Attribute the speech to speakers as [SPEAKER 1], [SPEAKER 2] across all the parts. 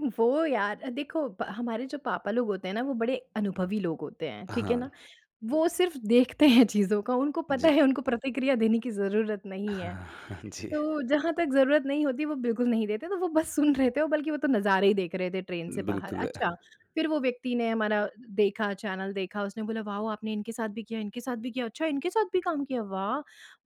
[SPEAKER 1] वो यार अ, देखो ब हमारे जो पापा लोग होते हैं ना वो बड़े अनुभवी लोग होते हैं, ठीक है ना?
[SPEAKER 2] हाँ।
[SPEAKER 1] वो सिर्फ़ देखते हैं चीज़ों का उनको पता
[SPEAKER 2] जी।
[SPEAKER 1] है उनको प्रतिक्रिया देने की ज़रूरत नहीं है।
[SPEAKER 2] हाँ जी।
[SPEAKER 1] तो जहाँ तक ज़रूरत नहीं होती वो बिल्कुल नहीं देते, तो वो बस सुन रहे थे और बल्कि वो तो नज़ारे ही देख रहे थे ट्रेन से बाहर।
[SPEAKER 2] बिल्कुल।
[SPEAKER 1] अच्छा, फ़िर वो व्यक्ति ने हमारा देखा चैनल देखा, उसने बोला वाओ आपने इनके साथ भी किया, इनके साथ भी किया, अच्छा इनके साथ भी काम किया। वाह!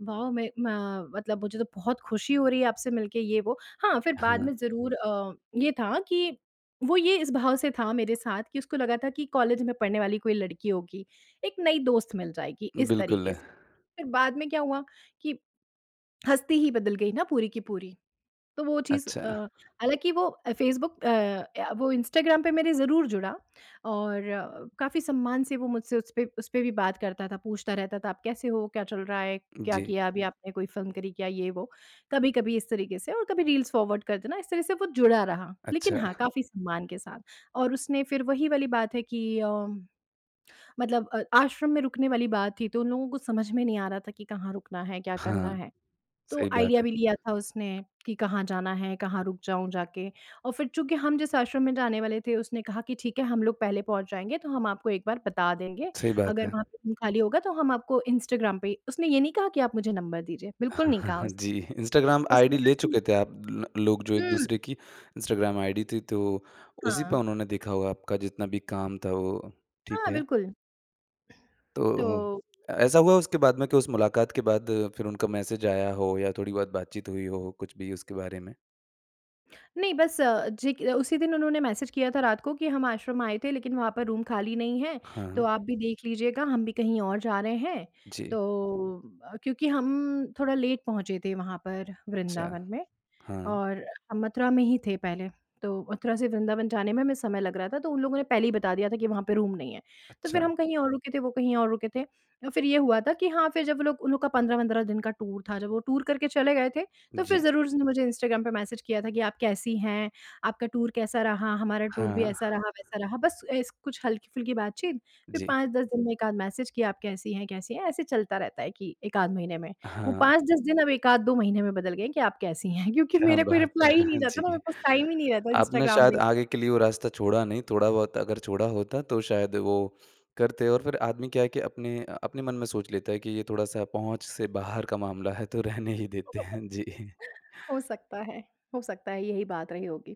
[SPEAKER 1] वाओ मैं म मतलब मुझे तो बहुत ख़ुशी हो रही है आपसे मिलके ये वो। हाँ, फ़िर बाद
[SPEAKER 2] हाँ।
[SPEAKER 1] में ज़रूर अ, ये था कि वो ये इस भाव से था मेरे साथ कि उसको लगा था कि कॉलेज में पढ़ने वाली कोई लड़की होगी, एक नई दोस्त मिल जाएगी इस
[SPEAKER 2] बिल्कुल।
[SPEAKER 1] तरीके से। फ़िर बाद में क्या हुआ कि हस्ती ही बदल गई ना पूरी की पूरी। तो वो चीज़ अ,
[SPEAKER 2] अच्छा।
[SPEAKER 1] हालाँकि वो फेसबुक अ, या वो इंस्टाग्राम पे मेरे ज़रूर जुड़ा और काफ़ी सम्मान से वो मुझसे उसपे उसपे भी बात करता था, पूछता रहता था आप कैसे हो, क्या चल रहा है? क्या
[SPEAKER 2] जी।
[SPEAKER 1] किया अभी आपने कोई फ़िल्म करी क्या ये वो, कभी-कभी इस तरीके से और कभी रील्स फ़ॉरवर्ड कर देना इस तरह से वो जुड़ा रहा। लेकिन
[SPEAKER 2] अच्छा।
[SPEAKER 1] हाँ, काफ़ी सम्मान के साथ और उसने फ़िर वही वाली बात है कि अ, मतलब अ आश्रम में रुकने वाली बात थी तो उन लोगों को समझ में नहीं आ रहा था कि कहाँ रुकना है, क्या करना
[SPEAKER 2] हाँ,
[SPEAKER 1] है? तो
[SPEAKER 2] सही बात
[SPEAKER 1] आइडिया
[SPEAKER 2] है।
[SPEAKER 1] भी लिया था उसने कि कहाँ जाना है, कहाँ रुक जाऊँ जाके? और फ़िर चूँकि हम जिस आश्रम में जाने वाले थे उसने कहा कि ठीक है हम लोग पहले पहुँच जाएँगे, तो हम आपको एक बार बता देंगे।
[SPEAKER 2] सही बात
[SPEAKER 1] अगर
[SPEAKER 2] है।
[SPEAKER 1] वहाँ पे रूम खाली होगा तो हम आपको इंस्टाग्राम पे उसने ये नहीं कहा कि आप मुझे नंबर दीजिए, बिल्कुल
[SPEAKER 2] हाँ,
[SPEAKER 1] नहीं
[SPEAKER 2] हाँ,
[SPEAKER 1] कहा
[SPEAKER 2] हाँ। जी,
[SPEAKER 1] उसने।
[SPEAKER 2] इंस्टाग्राम
[SPEAKER 1] उसने
[SPEAKER 2] आईडी
[SPEAKER 1] कहा
[SPEAKER 2] ले
[SPEAKER 1] कि
[SPEAKER 2] चुके थे आप लो लोग जो एक
[SPEAKER 1] हुँ।
[SPEAKER 2] दूसरे की इंस्टाग्राम आईडी थी तो उसी पे
[SPEAKER 1] हाँ।
[SPEAKER 2] उन्होंने देखा होगा आपका जितना भी काम था वो ठीक
[SPEAKER 1] हाँ,
[SPEAKER 2] है।
[SPEAKER 1] बिल्कुल।
[SPEAKER 2] तो
[SPEAKER 1] तो
[SPEAKER 2] अ, ऐसा हुआ उसके बाद में के उस मुलाकात के बाद फ़िर उनका मैसेज आया हो या थोड़ी-बहुत बात-चीत हुई हो। कुछ भी उसके बारे में?
[SPEAKER 1] नहीं बस अ, जे क उसी दिन उन्होंने मैसेज किया था रात को कि हम आश्रम आए थे लेकिन वहाँ पर रूम खाली नहीं हैं।
[SPEAKER 2] हाँ,
[SPEAKER 1] तो
[SPEAKER 2] हाँ।
[SPEAKER 1] आप भी देख लीजिएगा हम भी कहीं और जा रहे हैं।
[SPEAKER 2] जी।
[SPEAKER 1] तो अ, क्योंकि हम थोड़ा लेट पहुँचे थे वहाँ पर
[SPEAKER 2] अच्छा।
[SPEAKER 1] वृंदावन में
[SPEAKER 2] हाँ।
[SPEAKER 1] और हम मथुरा में ही थे पहले। तो मथुरा से वृंदावन जाने में हमें समय लग रहा था तो उन लोगों ने पहले ही बता दिया था कि वहाँ पे रूम नहीं है। तो फ़िर
[SPEAKER 2] अच्छा।
[SPEAKER 1] हम कहीं और रुके थे, वो कहीं और रुके थे। अ, फ़िर ये हुआ था कि हाँ, फ़िर जब वो लोग उन लोग का 15 वंद्रह दिन का टूर था, जब वो टूर करके चले गए थे। तो फ़िर
[SPEAKER 2] जी।
[SPEAKER 1] ज़रूर उसने मुझे इंस्टाग्राम पे मैसेज किया था कि आप कैसी हैं, आपका टूर कैसा रहा? हमारा टूर भी ऐसा
[SPEAKER 2] हाँ।
[SPEAKER 1] रहा, वैसा रहा। बस ऐसे कुछ हल्की-फुल्की बात-चीत फ़िर
[SPEAKER 2] जी।
[SPEAKER 1] 5-10 दिन में 1 आध मैसेज कि आप कैसी हैं कैसी हैं? ऐसे चलता रहता है कि 1 आध महीने में। वो
[SPEAKER 2] हाँ।
[SPEAKER 1] 5-10 दिन, अब 1 आध, 2 महीने में बदल गए हैं कि आप कैसी हैं? क्योंकि
[SPEAKER 2] क्या
[SPEAKER 1] मेरा कोई
[SPEAKER 2] बात है!
[SPEAKER 1] रिप्लाई ही नहीं जाता ना मेरे
[SPEAKER 2] जी,
[SPEAKER 1] पास टाइम ही नहीं रहता
[SPEAKER 2] आपने
[SPEAKER 1] इंस्टाग्राम
[SPEAKER 2] शायद
[SPEAKER 1] देखने का।
[SPEAKER 2] आगे के लिए वो रास्ता छोड़ा नहीं, थोड़ा-बहुत अगर छोड़ा होता। तो शायद वो करते और फ़िर आदमी क्या है कि अपने अ, अपने मन में सोच लेता है कि ये थोड़ा-सा पहुँच से बाहर का मामला है तो रहने ही देते हैं। जी।
[SPEAKER 1] हो सकता है हो सकता है यही बात रही होगी।